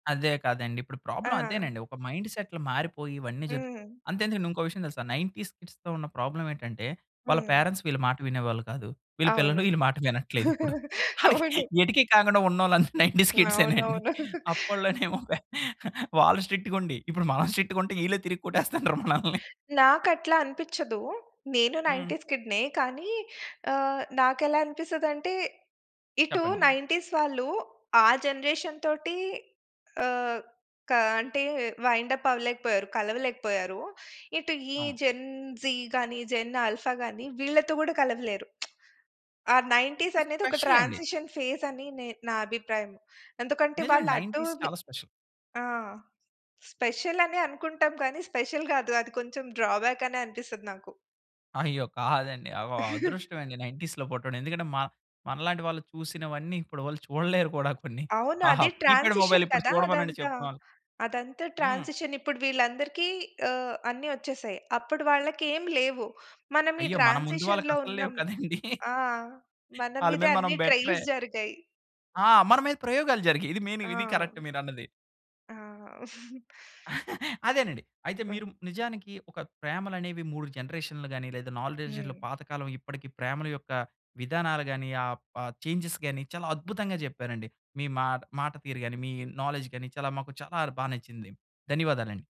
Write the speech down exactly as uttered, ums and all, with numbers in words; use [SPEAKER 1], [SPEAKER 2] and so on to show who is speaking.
[SPEAKER 1] అదే కదండి. ఇప్పుడు ప్రాబ్లమ్
[SPEAKER 2] ఆ!
[SPEAKER 1] అదేనండి, ఒక మైండ్‌సెట్లు మారిపోయి, ఇవన్నీ జరుగు
[SPEAKER 2] హ్మ్.
[SPEAKER 1] అంతెందుకండి ఇంకో విషయం తెలుసా, నైన్టీస్ కిడ్స్‌తో ఉన్న ప్రాబ్లమేటంటే, వాళ్ళ
[SPEAKER 2] హ్మ్.
[SPEAKER 1] పేరెంట్స్ వీళ్ళ మాట వినేవాళ్ళు కాదు, వీళ్ళ
[SPEAKER 2] అవును.
[SPEAKER 1] పిల్లలు ఈళ్ళ మాట వినట్లేదిప్పుడు. అళ్ళకి
[SPEAKER 2] అవును.
[SPEAKER 1] ఎటికీ కాకుండా ఉన్నొళ్ళందరూ నైన్టీస్ కిడ్సేనండి.
[SPEAKER 2] అవునవును.
[SPEAKER 1] అప్పడిలోనేమో పే వాళ్ళు స్ట్రిక్టుగుండి, ఇప్పుడు మనం స్ట్రిక్టుగుంటే, ఈళ్ళే తిరిగి కొట్టేస్తన్నారు మనల్ని.
[SPEAKER 2] నాకట్లా అనిపిచ్చదూ, నేనూ
[SPEAKER 1] హ్మ్.
[SPEAKER 2] నైన్టీస్ కిడ్‌నే, కానీ, ఆహ్, నాకేలా అనిపిస్తదంటే, ఇటు
[SPEAKER 1] చెప్పండి.
[SPEAKER 2] నైన్టీస్ వాళ్ళు, ఆ జనరేషన్ తోటీ ఆహ్, క అంటే వైండప్ అవ్వలేకపోయారు, కలవలేకపోయారూ. ఇటు ఈ
[SPEAKER 1] ఆ!
[SPEAKER 2] జెన్ జీ గానీ, జెన్ ఆల్ఫా గాని వీళ్ళతో కూడా కలవలేరు. ఆ
[SPEAKER 1] ఇప్పుడు
[SPEAKER 2] నైన్టీసనేది ఒక
[SPEAKER 1] స్పెషలండి.
[SPEAKER 2] ట్రాన్సిషన్ ఫేజని నే నా అభిప్రాయం. ఎందుకంటే
[SPEAKER 1] నిజమేండి.
[SPEAKER 2] వాళ్ళటు
[SPEAKER 1] నైన్టీస్
[SPEAKER 2] వి
[SPEAKER 1] చాలా స్పెషల్.
[SPEAKER 2] ఆ! స్పెషలని అనుకుంటాం కానీ, స్పెషల్ గాదు, అది కొంచెం డ్రాబ్యాకనే అనిపిస్తది నాకు.
[SPEAKER 1] అయ్యో! కాదండి అవ అదృష్టం అండి నైన్టీస్‌లో పుట్టడం, ఎందుకంటే మ మనలాంటి వాళ్ళు చూసినవన్నీ, ఇప్పుడి వాళ్ళు చూడలేరు కూడా కొన్ని.
[SPEAKER 2] అవును.
[SPEAKER 1] ఆహా!
[SPEAKER 2] అదే
[SPEAKER 1] కీప్యాడ్ మొబైల్
[SPEAKER 2] ట్రాన్సిషన్
[SPEAKER 1] ఇప్పుడు
[SPEAKER 2] కదా!
[SPEAKER 1] చూడమనండి
[SPEAKER 2] అదంతా.
[SPEAKER 1] చెప్తం.
[SPEAKER 2] అదంతా
[SPEAKER 1] హ్మ్.
[SPEAKER 2] ట్రాన్సిషన్. ఇప్పుడు వీళ్ళందరికీ ఆహ్, అన్ని వచ్చేసాయి, అప్పుడు వాళ్ళ‌కేం లేవు, మనం ఈ
[SPEAKER 1] అయ్యో! మన ముందు
[SPEAKER 2] ట్రాన్సిషన్‌లో
[SPEAKER 1] వాళ్ళకసలు లేవు
[SPEAKER 2] ఉన్నాం.
[SPEAKER 1] కదండీ!
[SPEAKER 2] ఆ! మన
[SPEAKER 1] ఆళ్ళ
[SPEAKER 2] మీదే
[SPEAKER 1] మీద మనం
[SPEAKER 2] అన్ని
[SPEAKER 1] బెటరే.
[SPEAKER 2] ట్రైల్స్ జరిగాయి.
[SPEAKER 1] ఆ! మన మీద ప్రయోగాలు జరిగాయి. ఇది మెయిను, ఇది కరెక్ట్
[SPEAKER 2] ఆ!
[SPEAKER 1] మీరన్నది.
[SPEAKER 2] ఆ!
[SPEAKER 1] అదేనండి. అయితే మీరు
[SPEAKER 2] హ్మ్.
[SPEAKER 1] నిజానికి ఒక ప్రేమలనేవి మూడు జనరేషన్లు గాని, లేదా నాలెడ్జ్‌లో
[SPEAKER 2] హ్మ్.
[SPEAKER 1] పాతకాలం ఇప్పడికీ ప్రేమల యొక్క విధానాలు గాని, ఆ ప చేంజ్‌స్ గానీ, చాలా అద్భుతంగా జెప్పారండి. మీ మాట మాట తీరు గాని, మీ నాలెడ్జ్ గాని, చాలా మాకు చాలార్ బా నచ్చింది. ధన్యవాదాలండి.